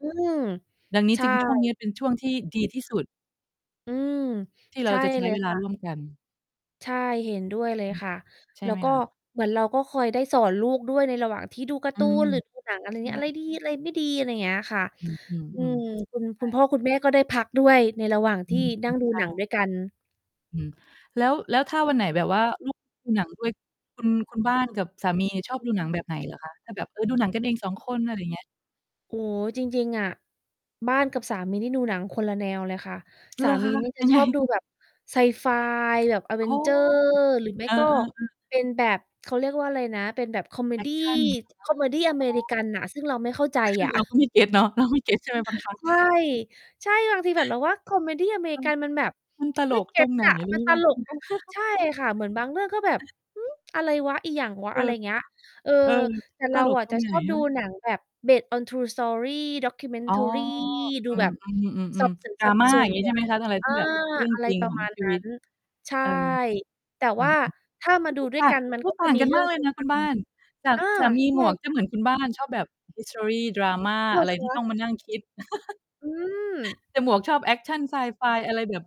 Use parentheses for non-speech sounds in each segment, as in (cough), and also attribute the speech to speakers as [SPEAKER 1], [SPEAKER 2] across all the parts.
[SPEAKER 1] อืม
[SPEAKER 2] ดังนี้
[SPEAKER 1] ใช
[SPEAKER 2] จึง ช่วงเน
[SPEAKER 1] ่
[SPEAKER 2] ี้ยเป็น ช่วงที่ดีที่สุด
[SPEAKER 1] อืม
[SPEAKER 2] ที่เ
[SPEAKER 1] ใช
[SPEAKER 2] รา
[SPEAKER 1] ่
[SPEAKER 2] จะใช
[SPEAKER 1] เ
[SPEAKER 2] ้
[SPEAKER 1] ล
[SPEAKER 2] เ
[SPEAKER 1] ย
[SPEAKER 2] วล
[SPEAKER 1] ค
[SPEAKER 2] า
[SPEAKER 1] ่
[SPEAKER 2] ร
[SPEAKER 1] ะ
[SPEAKER 2] ่วมกัน
[SPEAKER 1] ใช่ เห็นด้วยเลย
[SPEAKER 2] อือ
[SPEAKER 1] ค่ะ
[SPEAKER 2] ใช่
[SPEAKER 1] แล้
[SPEAKER 2] ไห
[SPEAKER 1] ว
[SPEAKER 2] ม
[SPEAKER 1] ก็
[SPEAKER 2] คะ?
[SPEAKER 1] เหมือนเราก็คอยได้สอนลูกด้วยในระหว่างที่ดูการ
[SPEAKER 2] อ
[SPEAKER 1] ์
[SPEAKER 2] ื
[SPEAKER 1] ตู
[SPEAKER 2] ม
[SPEAKER 1] น หรือ ดู หนัง อะไร
[SPEAKER 2] ใช
[SPEAKER 1] เนี้ย อะไร
[SPEAKER 2] ่
[SPEAKER 1] ดี อะไรไม่ดี อะไรเงี้ยค่ะ
[SPEAKER 2] อื
[SPEAKER 1] อื
[SPEAKER 2] อ
[SPEAKER 1] ม
[SPEAKER 2] ๆ ๆ
[SPEAKER 1] คุณ
[SPEAKER 2] ใช
[SPEAKER 1] คุ
[SPEAKER 2] ่
[SPEAKER 1] ณพ่อคุณแม่ก็ได้พักด้วยในระหว่าง
[SPEAKER 2] อ
[SPEAKER 1] ท
[SPEAKER 2] ื
[SPEAKER 1] ี่
[SPEAKER 2] ม
[SPEAKER 1] นั่ง
[SPEAKER 2] ใ
[SPEAKER 1] ดูห
[SPEAKER 2] ช
[SPEAKER 1] นัง
[SPEAKER 2] ่
[SPEAKER 1] ด้วยกัน
[SPEAKER 2] อืม แล้ว แล้วถ้าวันไหนแบบว่า ลูกดู หนังด้วย คุณ คุณบ้านกับสามีเนี่ยชอบดูหนังแบบไหนเหรอคะ ถ้าแบบ เออ ดูหนังกันเอง 2 คน อะไรเงี้ย?
[SPEAKER 1] โอ้โฮ จริง ๆ อะ บ้านกับสามีนี่ดูหนังคนละแนวเลยค่ะ
[SPEAKER 2] เ
[SPEAKER 1] ส
[SPEAKER 2] หร
[SPEAKER 1] า
[SPEAKER 2] อค
[SPEAKER 1] มี
[SPEAKER 2] ะ
[SPEAKER 1] นี่จ
[SPEAKER 2] ย
[SPEAKER 1] ะ
[SPEAKER 2] ังไ
[SPEAKER 1] ช
[SPEAKER 2] ง?
[SPEAKER 1] อบดูแบบไซไฟ แบบ
[SPEAKER 2] อ๋อ
[SPEAKER 1] Avengers หรือไม่
[SPEAKER 2] เออ
[SPEAKER 1] ก็
[SPEAKER 2] ๆ ๆ
[SPEAKER 1] เป็นแบบ เขาเรียกว่าอะไรนะ เป็นแบบคอเม
[SPEAKER 2] แอ
[SPEAKER 1] ด
[SPEAKER 2] ก
[SPEAKER 1] ี
[SPEAKER 2] ชัน เหรอค
[SPEAKER 1] คอเมดีอเม
[SPEAKER 2] ะ? อ๋
[SPEAKER 1] ริ
[SPEAKER 2] อ
[SPEAKER 1] กันน่ะ ซึ่งเราไม่เข้าใจ
[SPEAKER 2] คือ
[SPEAKER 1] อะ
[SPEAKER 2] เราก
[SPEAKER 1] (chuckles)
[SPEAKER 2] ็ไม่เก็ตเนาะ เราไม่ เก็ตใช่ไหมบางครั้ง?
[SPEAKER 1] ใช่ ใช่ บางทีแบบเราว่า คอเมดีอเมร
[SPEAKER 2] ม
[SPEAKER 1] ิ
[SPEAKER 2] ัน
[SPEAKER 1] กันมันแบบ
[SPEAKER 2] มันต
[SPEAKER 1] ไ
[SPEAKER 2] ล
[SPEAKER 1] ม่
[SPEAKER 2] ก
[SPEAKER 1] (tsk) เก
[SPEAKER 2] ต
[SPEAKER 1] ็
[SPEAKER 2] ร
[SPEAKER 1] ต
[SPEAKER 2] งไหน
[SPEAKER 1] อะ
[SPEAKER 2] ร
[SPEAKER 1] มัน
[SPEAKER 2] ู้
[SPEAKER 1] ต
[SPEAKER 2] เปล่า?
[SPEAKER 1] ลกตรง ใช่
[SPEAKER 2] (chuckles)
[SPEAKER 1] ค่ะ เหมือนบางเรื่องก็แบบ "หือ อะไรวะ? อิหยังวะ?"
[SPEAKER 2] เอ
[SPEAKER 1] อ
[SPEAKER 2] อ
[SPEAKER 1] ะไรอย่างเงี้ย เออ
[SPEAKER 2] เออ
[SPEAKER 1] แต่
[SPEAKER 2] ต
[SPEAKER 1] เรา
[SPEAKER 2] ลก
[SPEAKER 1] อะ
[SPEAKER 2] ตร
[SPEAKER 1] จะ
[SPEAKER 2] งไหน
[SPEAKER 1] ชอบดู
[SPEAKER 2] วะ?
[SPEAKER 1] หนังแบบ based on true story,
[SPEAKER 2] อ๋อ
[SPEAKER 1] documentary ดู
[SPEAKER 2] อื
[SPEAKER 1] แบบ สอ
[SPEAKER 2] ม
[SPEAKER 1] บ
[SPEAKER 2] ๆ
[SPEAKER 1] ส
[SPEAKER 2] ๆ
[SPEAKER 1] วน
[SPEAKER 2] ๆ
[SPEAKER 1] สอบ
[SPEAKER 2] drama
[SPEAKER 1] ส
[SPEAKER 2] อ
[SPEAKER 1] ว
[SPEAKER 2] ย่างงี้ใช่ไหม
[SPEAKER 1] น
[SPEAKER 2] คะ? อะไร
[SPEAKER 1] เอ
[SPEAKER 2] ท
[SPEAKER 1] อ
[SPEAKER 2] ี่แบบเรื่อง
[SPEAKER 1] อะไร
[SPEAKER 2] จริง
[SPEAKER 1] ประ
[SPEAKER 2] ของ
[SPEAKER 1] มาณ
[SPEAKER 2] ชี
[SPEAKER 1] น
[SPEAKER 2] ว
[SPEAKER 1] ั้
[SPEAKER 2] ิต
[SPEAKER 1] น ใช่
[SPEAKER 2] เออ
[SPEAKER 1] แต่
[SPEAKER 2] อื
[SPEAKER 1] ว่
[SPEAKER 2] อ
[SPEAKER 1] า
[SPEAKER 2] ฮึ
[SPEAKER 1] ถ้ามาด
[SPEAKER 2] (unintelligible)
[SPEAKER 1] ู
[SPEAKER 2] โอ้
[SPEAKER 1] ด้วยกันมัน ก็ จ
[SPEAKER 2] ต
[SPEAKER 1] ะ
[SPEAKER 2] ่าง
[SPEAKER 1] มี
[SPEAKER 2] กัน
[SPEAKER 1] เรื่
[SPEAKER 2] ม
[SPEAKER 1] อ
[SPEAKER 2] า
[SPEAKER 1] ง
[SPEAKER 2] กเลยนะคุณบ้า
[SPEAKER 1] (unintelligible)
[SPEAKER 2] น สา
[SPEAKER 1] อา
[SPEAKER 2] สามี
[SPEAKER 1] ใช่
[SPEAKER 2] หมวก
[SPEAKER 1] ค
[SPEAKER 2] จะ
[SPEAKER 1] ่ะ
[SPEAKER 2] เหมือนคุณบ้าน ชอบแบบ ฮิสทรี drama
[SPEAKER 1] เหร
[SPEAKER 2] อ
[SPEAKER 1] อ
[SPEAKER 2] ะไร
[SPEAKER 1] ค
[SPEAKER 2] ที่
[SPEAKER 1] ะ?
[SPEAKER 2] ต้องมานั่งคิด (laughs)
[SPEAKER 1] อืม
[SPEAKER 2] แต่หมวกชอบ แอคชัน ไซไฟ อะไรแบบ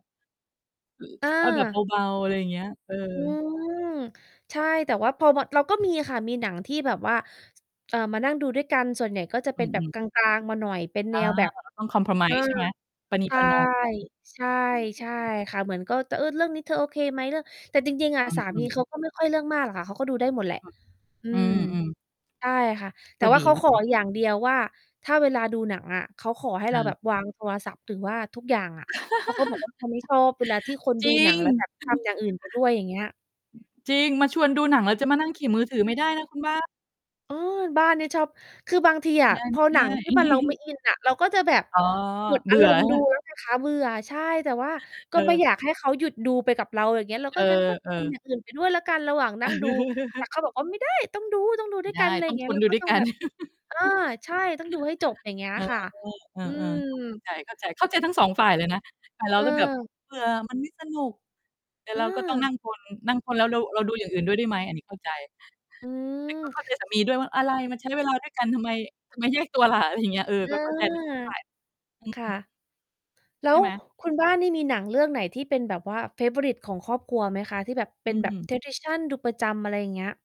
[SPEAKER 1] อ
[SPEAKER 2] อ เอาแบบ
[SPEAKER 1] า
[SPEAKER 2] เบา ๆ อะไรอย่างเงี้ย เออ
[SPEAKER 1] อืม ใช่ แต่ว่าพอมา เราก็มีค่ะ มีหนังที่แบบว่า ส เอ่อ มานั่งดูด้วยกัน ส่วนใหญ่ก็จะเ
[SPEAKER 2] อ
[SPEAKER 1] ป็
[SPEAKER 2] ื
[SPEAKER 1] นแบบ
[SPEAKER 2] อ ๆ
[SPEAKER 1] กลาง ๆ มาหน่อย เป็น
[SPEAKER 2] อ
[SPEAKER 1] แน
[SPEAKER 2] า
[SPEAKER 1] วแบบ อา
[SPEAKER 2] compromise ใช่ไหม? ประนี
[SPEAKER 1] ใช
[SPEAKER 2] ป
[SPEAKER 1] ่
[SPEAKER 2] ระนอมกัน
[SPEAKER 1] ใช่ ใช่
[SPEAKER 2] (unintelligible)
[SPEAKER 1] ค่ะ เหมือนก็ ต "เออ เรื่องนี้เธอโอเคไหม?" เรื่อง แต่จริง ๆ อะ
[SPEAKER 2] อ
[SPEAKER 1] สา
[SPEAKER 2] ื
[SPEAKER 1] มี
[SPEAKER 2] อ ๆ
[SPEAKER 1] เขาก็ไม่ค่อยเรื่องมากหรอกค่ะ เขาก็ดูได้หมดแหละ อื
[SPEAKER 2] อื
[SPEAKER 1] ม
[SPEAKER 2] ม ๆ
[SPEAKER 1] ใช่ค่ะ แ
[SPEAKER 2] ก
[SPEAKER 1] ต่
[SPEAKER 2] ็
[SPEAKER 1] ว
[SPEAKER 2] ด
[SPEAKER 1] ่
[SPEAKER 2] ี
[SPEAKER 1] าเขา
[SPEAKER 2] วิ
[SPEAKER 1] ข
[SPEAKER 2] ธ
[SPEAKER 1] อ
[SPEAKER 2] ีนี้
[SPEAKER 1] อย่างเดียวว่าถ้าเวลาดูหนังอะ เขาขอให้
[SPEAKER 2] ค
[SPEAKER 1] เร
[SPEAKER 2] ่
[SPEAKER 1] า
[SPEAKER 2] ะ
[SPEAKER 1] วางโทรศัพท์ หรือว่าทุกอย่างอะ เพราะเขาบอกว
[SPEAKER 2] (laughs)
[SPEAKER 1] ่า เขาไม่ชอบเวลาที่คน
[SPEAKER 2] จ
[SPEAKER 1] ด
[SPEAKER 2] ร
[SPEAKER 1] ู
[SPEAKER 2] ิ
[SPEAKER 1] หนั
[SPEAKER 2] ง (chuckles) จริง
[SPEAKER 1] งแล้วแบบ
[SPEAKER 2] อื
[SPEAKER 1] ท
[SPEAKER 2] ม
[SPEAKER 1] ำอย่างอื่นไปด้วย อย่างเงี้ย
[SPEAKER 2] จริง มาชวนดูหนังแล้วจะมานั่งขี่มือถือไม่ได้นะคุณบ้าน
[SPEAKER 1] เออ บ้านเนี่ย ชอบ คือบางทีอ
[SPEAKER 2] ไม
[SPEAKER 1] ะ
[SPEAKER 2] ่
[SPEAKER 1] พอ
[SPEAKER 2] ไ
[SPEAKER 1] หน
[SPEAKER 2] ด
[SPEAKER 1] ั
[SPEAKER 2] ้
[SPEAKER 1] ง ท
[SPEAKER 2] ๆ
[SPEAKER 1] ี่ มัน เราไม่
[SPEAKER 2] (chuckles)
[SPEAKER 1] อินอะ เราก็จะแบบ
[SPEAKER 2] อ๋อ
[SPEAKER 1] หมด
[SPEAKER 2] เ
[SPEAKER 1] อ
[SPEAKER 2] บ
[SPEAKER 1] า
[SPEAKER 2] ื่
[SPEAKER 1] ร
[SPEAKER 2] อใช
[SPEAKER 1] ม
[SPEAKER 2] ่
[SPEAKER 1] ณ
[SPEAKER 2] เ
[SPEAKER 1] ์
[SPEAKER 2] ป
[SPEAKER 1] ด
[SPEAKER 2] ล
[SPEAKER 1] ู
[SPEAKER 2] ่า?
[SPEAKER 1] แล้วไง คะ เบื่อ ใช่ แต่ว่าก
[SPEAKER 2] เ
[SPEAKER 1] ็
[SPEAKER 2] อ
[SPEAKER 1] ไม่
[SPEAKER 2] อ
[SPEAKER 1] อยากให้เขาหยุดดูไปกับเรา อย่างเงี้ย เรา
[SPEAKER 2] เอ
[SPEAKER 1] ก็ งั้นก็ ท
[SPEAKER 2] อ
[SPEAKER 1] ำอ
[SPEAKER 2] ๆ
[SPEAKER 1] ย่างอื่นไป ด้วยแล้วกันระหว่างนั่งดู แต่
[SPEAKER 2] (chuckles)
[SPEAKER 1] เขาบอกว่า "ไม่ได้! ต้องดู ต้องดู
[SPEAKER 2] ไม
[SPEAKER 1] ด
[SPEAKER 2] ่
[SPEAKER 1] ้วย
[SPEAKER 2] ได
[SPEAKER 1] กัน"
[SPEAKER 2] ้
[SPEAKER 1] ไร
[SPEAKER 2] ต้อง
[SPEAKER 1] เงี
[SPEAKER 2] ท
[SPEAKER 1] ้ย
[SPEAKER 2] น
[SPEAKER 1] เรา
[SPEAKER 2] ดู
[SPEAKER 1] ก็
[SPEAKER 2] ด้ว
[SPEAKER 1] ต
[SPEAKER 2] ย
[SPEAKER 1] ้อ
[SPEAKER 2] ก
[SPEAKER 1] ง
[SPEAKER 2] ั
[SPEAKER 1] แ
[SPEAKER 2] น
[SPEAKER 1] บบ อา ใช่ เราต้องดูให้จบ อย่า
[SPEAKER 2] (chuckles)
[SPEAKER 1] งเงี้ย
[SPEAKER 2] เอ
[SPEAKER 1] ค่ะ
[SPEAKER 2] อ
[SPEAKER 1] อื
[SPEAKER 2] เออ ๆ ก็เข้า
[SPEAKER 1] ม
[SPEAKER 2] ใจ เข้าใจ เข้าใจทั้ง 2 ฝ่ายเลยนะ ฝ่ายเรา
[SPEAKER 1] เ
[SPEAKER 2] ก็แบบ
[SPEAKER 1] ออ
[SPEAKER 2] เบื่อ มันไม่สนุก แต่เราก็ต้องน
[SPEAKER 1] เออ
[SPEAKER 2] ั่งทน นั่งทนแล้วเรา เราดูอย่างอื่นด้วยได้ไหม อันนี้เข้าใจ
[SPEAKER 1] อื
[SPEAKER 2] แต่ก็
[SPEAKER 1] ม
[SPEAKER 2] เข้าใจสามี ด้วยว่า "อะไร มาใช้เวลาด้วยกันทำไม ทำไมแยกตัวล่ะ?" อะไรอย่างเงี้ย เออ
[SPEAKER 1] อ
[SPEAKER 2] ก
[SPEAKER 1] า
[SPEAKER 2] ็เข้าใจ ทั้ง 2 ฝ่าย อือ
[SPEAKER 1] ค่
[SPEAKER 2] ฮ
[SPEAKER 1] ะ
[SPEAKER 2] ึ
[SPEAKER 1] แล้
[SPEAKER 2] ใช
[SPEAKER 1] ว
[SPEAKER 2] ่ไหม
[SPEAKER 1] คุณบ้านนี่มีหนังเรื่องไหนที่เป็นแบบว่า เฟเวอริต ของครอบครัวไหมคะ? ที่แบบเป
[SPEAKER 2] อ
[SPEAKER 1] ็
[SPEAKER 2] ื
[SPEAKER 1] นแบบ
[SPEAKER 2] ม
[SPEAKER 1] tradition ดูประจำ อะไรเงี้ย